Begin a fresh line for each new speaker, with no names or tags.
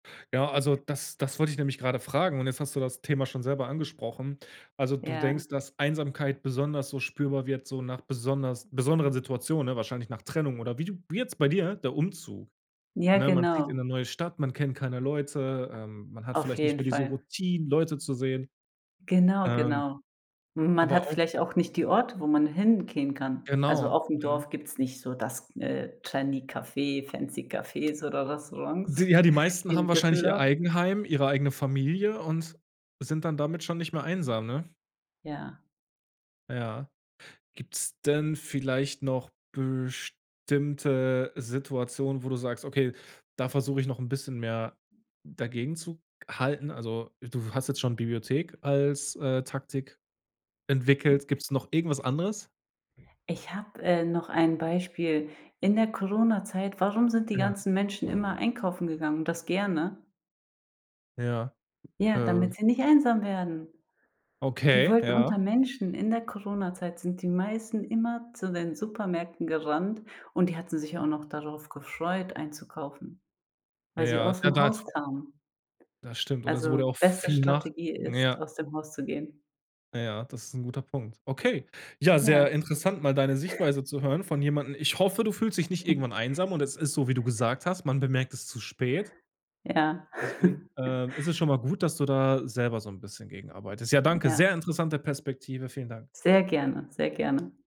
Ja, also das das wollte ich nämlich gerade fragen, und jetzt hast du das Thema schon selber angesprochen. Also, du
Ja.
denkst, dass Einsamkeit besonders so spürbar wird so nach besonders besonderen Situationen, ne? Wahrscheinlich nach Trennung oder wie du wie jetzt bei dir, der Umzug,
Ja,
ne? Man zieht in 'ne
genau.
neue Stadt, man kennt keine Leute, ähm, man hat
Auf
vielleicht nicht
jeden
mehr diese
Fall.
Routinen, Leute zu sehen.
Genau,
Ähm,
genau. M man
aber
hat
auch
vielleicht auch nicht die Orte, wo man hingehen kann. Also
Genau.
aufm
Mhm.
Dorf gibt's nicht so das, äh, trendy Café, fancy Cafés oder Restaurants
Ja, die meisten
wie
haben
in
wahrscheinlich ihr
Düsseldorf.
Eigenheim, ihre eigene Familie und sind dann damit schon nicht mehr einsam, ne?
Ja.
Ja. Gibt's denn vielleicht noch bestimmte Situationen, wo du sagst: „Okay, da versuche ich noch 'n bisschen mehr dagegenzuhalten“? Also, du hast jetzt schon Bibliothek als, äh, Taktik entwickelt. Gibt's noch irgendwas anderes?
Ich habe, äh, noch ein Beispiel. In der Coronazeit, warum sind die
Ja.
ganzen Menschen immer einkaufen gegangen und das gerne?
Ja.
Ja,
Äh
damit sie nicht einsam werden. Die
Okay,
wollten unter
ja.
Menschen in der Coronazeit sind die meisten immer zu den Supermärkten gerannt, und die hatten sich auch noch darauf gefreut, einzukaufen, weil sie
Ja. Ja,
ausm
daz
Haus kamen.
Das stimmt. Und es wurde
Also
auch
beste
viel nach
Strategie ist,
ja.
aus dem Haus zu gehen.
Ja, das ist 'n guter Punkt. Okay. Ja, sehr
Ja.
interessant, mal da 'ne Sichtweise zu hören von jemandem. Ich hoffe, du fühlst dich nicht irgendwann einsam und es ist so, wie du gesagt hast, man bemerkt es zu spät.
Ja.
Deswegen, äh, ist es schon mal gut, dass du da selber so 'n bisschen gegenarbeitest. Ja, danke,
Ja.
sehr interessante Perspektive, vielen Dank.
Sehr gerne. Sehr gerne.